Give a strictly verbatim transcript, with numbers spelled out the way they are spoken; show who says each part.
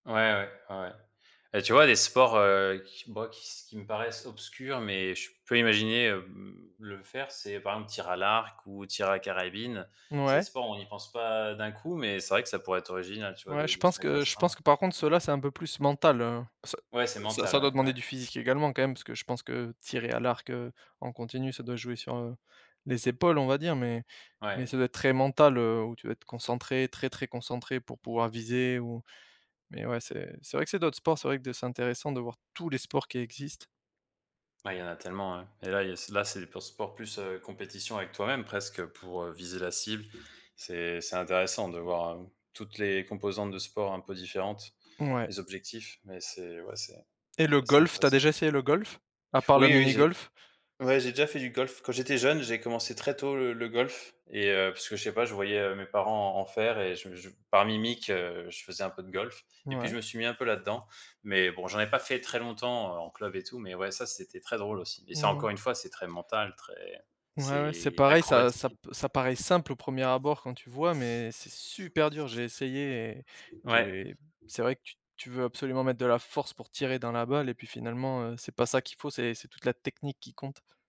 Speaker 1: Ouais, ouais, ouais, ouais et tu vois? Des sports, heu, qui moi qui s qui me paraissent obscurs mais je peux imaginer, hem, le faire c'est, par exemple, tir à l'arc ou tir à la carabine. C'est des
Speaker 2: Mouais.
Speaker 1: sports on n'y pense pas d'un coup mais c'est vrai que ça pourrait être original tu vois?
Speaker 2: Ouais
Speaker 1: De
Speaker 2: je
Speaker 1: de
Speaker 2: pense
Speaker 1: se mettre à
Speaker 2: que je pense
Speaker 1: ça.
Speaker 2: que par contre ceux là, c'est un peu plus mental, heu, ça
Speaker 1: Ouais, c'est
Speaker 2: ça
Speaker 1: mental,
Speaker 2: ça doit
Speaker 1: ouais.
Speaker 2: demander
Speaker 1: Ouais.
Speaker 2: du physique également quand même parce que je pense que tirer à l'arc, heu, en continu ça doit jouer sur, heu, les épaules on va dire mais
Speaker 1: Ouais.
Speaker 2: mais ça doit être très mental, heu, où tu dois être concentré, très, très concentré pour pouvoir viser ou mais ouais c'est c'est vrai que c'est d'autres sports c'est vrai que c'est intéressant de voir tous les sports qui existent.
Speaker 1: Bah, il y en a tellement ouais et là, il y a c'est là c'est des pur sport plus, heu, compétition avec toi même presque pour, heu, viser la cible. C'est c'est intéressant de voir, hem, toutes les composantes de sports un peu différentes,
Speaker 2: Ouais.
Speaker 1: les objectifs, mais c'est ouais, c'est
Speaker 2: Et le
Speaker 1: c'est assez
Speaker 2: golf, tu as
Speaker 1: intéressant.
Speaker 2: déjà essayé le golf? A part le
Speaker 1: Oui, oui, j'ai
Speaker 2: minigolf.
Speaker 1: ouais j'ai déjà fait du golf. Quand j'étais jeune j'ai commencé très tôt le le golf et heu, puisque je sais pas, je voyais, heu, mes parents en en faire et je je par mimique, heu, je faisais un peu de golf et puis
Speaker 2: Ouais.
Speaker 1: je me suis mis un peu là-dedans, mais bon, j'en ai pas fait très longtemps en club et tout, mais ouais ça c'était très drôle aussi et ça
Speaker 2: Ouais.
Speaker 1: encore une fois, c'est très mental, très
Speaker 2: Ouais, ouais, c'est
Speaker 1: c'est
Speaker 2: pareil ça ça
Speaker 1: acrobatique et
Speaker 2: p ça paraît simple au premier abord quand tu vois mais c'est super dur. J'ai essayé et
Speaker 1: Ouais.
Speaker 2: j'ai c'est vrai que tu tu veux absolument mettre de la force pour tirer dans la balle et puis finalement, heu, c'est pas ça qu'il faut c'est c'est toute la technique qui compte.